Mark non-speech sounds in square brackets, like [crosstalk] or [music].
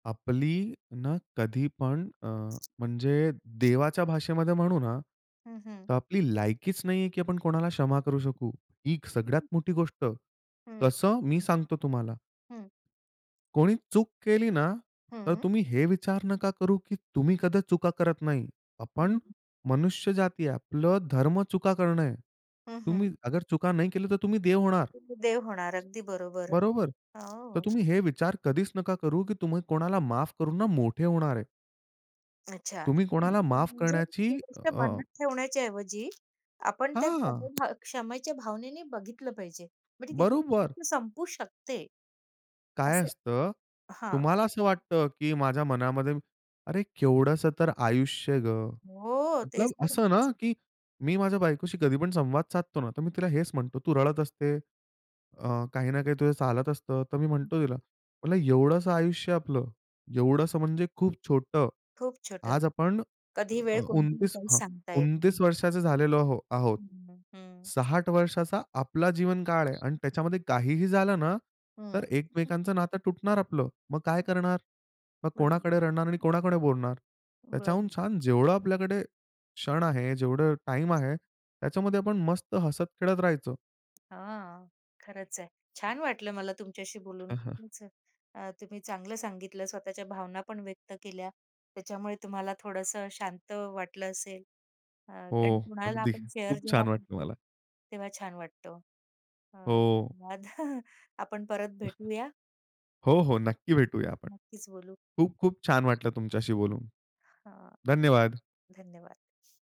आपली ना कधी पण अ, म्हणजे देवाच्या भाषेमध्ये म्हणू ना, हं, हं. तर आपली लायकीच नाहीये की आपण कोणाला क्षमा करू शकू. ही सगळ्यात [chuckles] मोठी गोष्ट. हं. कसं? मी सांगतो तुम्हाला. हं. कोणी चूक केली ना, तर हं. तुम्ही हे विचार नका करू की तुम्ही कधीच चुका करत नाही. आपण हं. मनुष्य जाती आहे. आपलं धर्म चुका करणं आहे. हं, तुम्ही हं. अगर चुका नाही केल्या तर तुम्ही देव होणार. देव होणार. अगदी बरोबर. बरोबर. तर हो. तुम्ही हे विचार कधीच नका करू की तुम्ही कोणाला माफ करून ना, मोठे होणार आहे. अच्छा, तुम्ही कोणाला माफ म्हणजे ती करण्याची अ गोष्ट अ मनात ठेवण्याच्याऐवजी आपण त्या हां. क्षम क्षमेच्या भावनेने बघितलं पाहिजे म्हणजे तिथे ती बरोबर. गोष्ट संपू शकते. काय असं, असतं, हां. तुम्हाला असं वाटतं की माझ्या मनामध्ये अरे केवढंसं तर आयुष्य गं. हो, तेच मतलब तर आहेच. असं ना की मी माझ्या बायकोशी कधी पण संवाद साधतो ना तर मी तिला हेच म्हणतो "तू रडत असते. अ, काही ना काही तुझं चालत असतं," तर मी म्हणतो तिला, म्हटलं "एवढंसं आयुष्य आपलं. एवढंसं म्हणजे खूप छोटं. खूप छोटं, आज आपण अ, कधी अ, वेळ कोणती येईल? 29 काही हं, सांगता येत नाही. वर्षाचं झालेलो आहो आहोत. हं, हं. 60 वर्षाचा आपला जीवनकाळ आहे आणि त्याच्यामध्ये काहीही झालं ना तर हं. [unintelligible] एकमेकांचं नातं तुटणार आपलं. मग काय करणार? मग [unintelligible] कोणाकडे रडणार? आणि कोणाकडे बोलणार? त्याच्याहून बरं. छान जेवढं आपल्याकडे क्षण आहे, जेवढं टाईम आहे त्याच्यामध्ये आपण मस्त हसत-खेळत राहायच. हां, खरंच आहे. छान वाटलं मला तुमच्याशी बोलून. [chuckles] खूपच अ, तुम्ही चांगलं सांगितलं, स्वतःच्या भावना पण व्यक्त केल्या. त्याच्यामुळे तुम्हाला थोडंसं शांत वाटलं असेल अ, हो, कारण कुणाला अगदी आपण शेअर खूप जेव्हा छान वाटलं करतो, मला. तेव्हा छान वाटतं. अ, हो. धन्यवाद [chuckles] आपण परत भेटूया. [chuckles] हो, हो. नक्की भेटूया आपण. नक्कीच बोलू. खूप-खूप छान वाटलं तुमच्याशी बोलून. हां. धन्यवाद. धन्यवाद